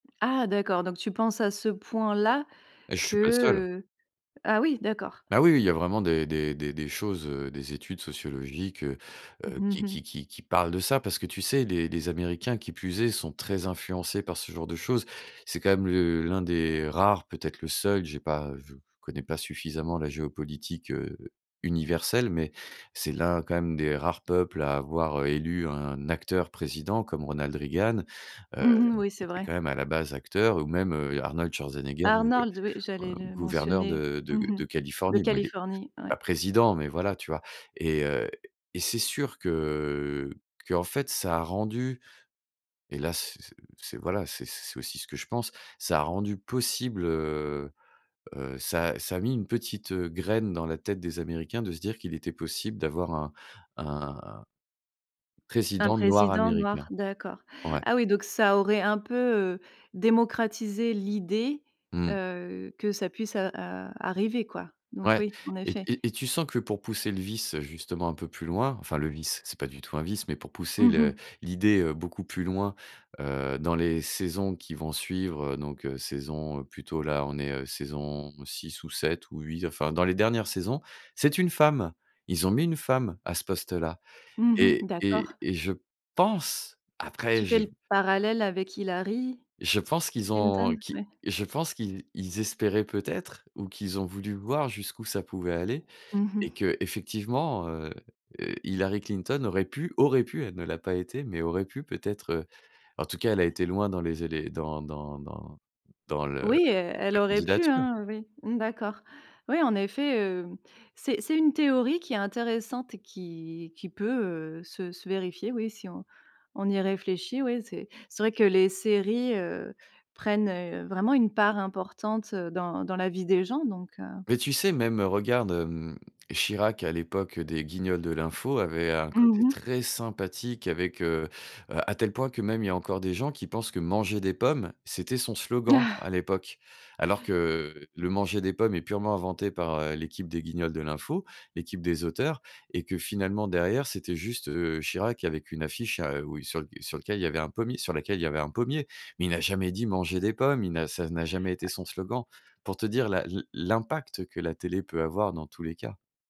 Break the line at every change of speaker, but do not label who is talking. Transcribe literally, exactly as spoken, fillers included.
Ah d'accord, donc tu penses à ce point-là
Et je suis pas le seul.
que, heu ah oui d'accord.
Ah oui, oui, il y a vraiment des des des des choses, heu, des études sociologiques, heu heu,
Mmh
qui
mh.
qui qui qui parlent de ça. Parce que tu sais? Les les Américains, qui plus est, sont très influencés par ce genre de choses. C'est quand même le l'un des rares, peut être le seul. J'ai pas je je connais pas suffisamment la géopolitique, heu, universelle, mais c'est l'un, quand même, des rares peuples à avoir, heu, élu un acteur président comme Ronald Reagan, heu,
Mmh mh. Oui
qui
c'est
était
vrai.
quand même à la base acteur, ou même, heu, Arnold Schwarzenegger gouve heu,
Arnorld, oui j'allais le
gouverneur
mentionner,
de
mmh
de
mh
de
de
Californie. Bon il est
Californie, ouais.
pas président, mais voilà, tu vois? Et heu, et c'est sûr, que qu'en fait ça a rendu, et là, c' c' c' voilà, c'est c'est aussi ce que je pense, ça a rendu possible, heu heu, ça a ça a mis une petite, heu, graine dans la tête des Américains de se dire qu'il était possible d'avoir un un
Un
président noir
président noir
américain.
d'accord.
Ouais.
Ah oui donc ça aurait un peu, heu, démocratisé l'idée,
Mmh.
heu, que ça puisse, heu, ar arriver quoi, donc
Ouais,
oui, en
et
effet.
et et tu sens que pour pousser le vice, heu, justement un peu plus loin, enfin le vice, c'est pas du tout un vice, pour pousser
Mmh
le
mh.
l'idée, heu, beaucoup plus loin, heu, dans les saisons qui vont suivre, heu, donc heu, saison, heu, plutôt là, on est saison six ou sept ou huit, enfin dans les dernières saisons, c'est une femme. Ils ont mis une femme à ce poste-là
Mmh
et
mh,
et
d'accord.
et je pense après
Tu fais
je
le parallèle avec Hillary
Je pense qu'ils
Clinton,
ont qu'ils
oui.
je pense qu'ils ils espéraient peut être, ou qu'ils ont voulu voir jusqu'où ça pouvait aller
Mmh
et
mh.
que, effectivement, heu heu, Hillary Clinton aurait pu aurait pu elle ne l'a pas été, mais aurait pu peut-être, heu. En tout cas, elle a été loin dans les élé dans dans dans dans le
Oui, elle elle
la
aurait pu,
candidature.
hein, oui, mmh d'accord. Oui en effet, heu, c'est c'est une théorie qui est intéressante et qui qui peut, heu, se se vérifier oui, si on on y réfléchit, oui, c'est c'est vrai que les séries, heu, prennent, heu, vraiment une part importante, heu, dans dans la vie des gens donc heu.
Mais tu sais? Même, heu, regarde, hem, Chirac, à l'époque, heu, des guignols de l'info avait un
Mmh
côté
mh.
très sympathique avec, heu heu, à tel point que même il y a encore des gens qui pensent que «manger des pommes», c'était son slogan
Ah!
à l'époque. Alors que, le manger des pommes est purement inventé par, heu, l'équipe des Guignols de l'info, l'équipe des auteurs et que finalement derrière, c'était juste, heu, Chirac avec une affiche, à, heu, où sur le sur lequel il y avait un pommier sur laquelle, il y avait un pommier, mais il n'a jamais dit: «Manger des pommes», il n'a ça n'a jamais été son slogan. Pour te dire la l'im l'impact que la télé peut avoir dans tous les cas.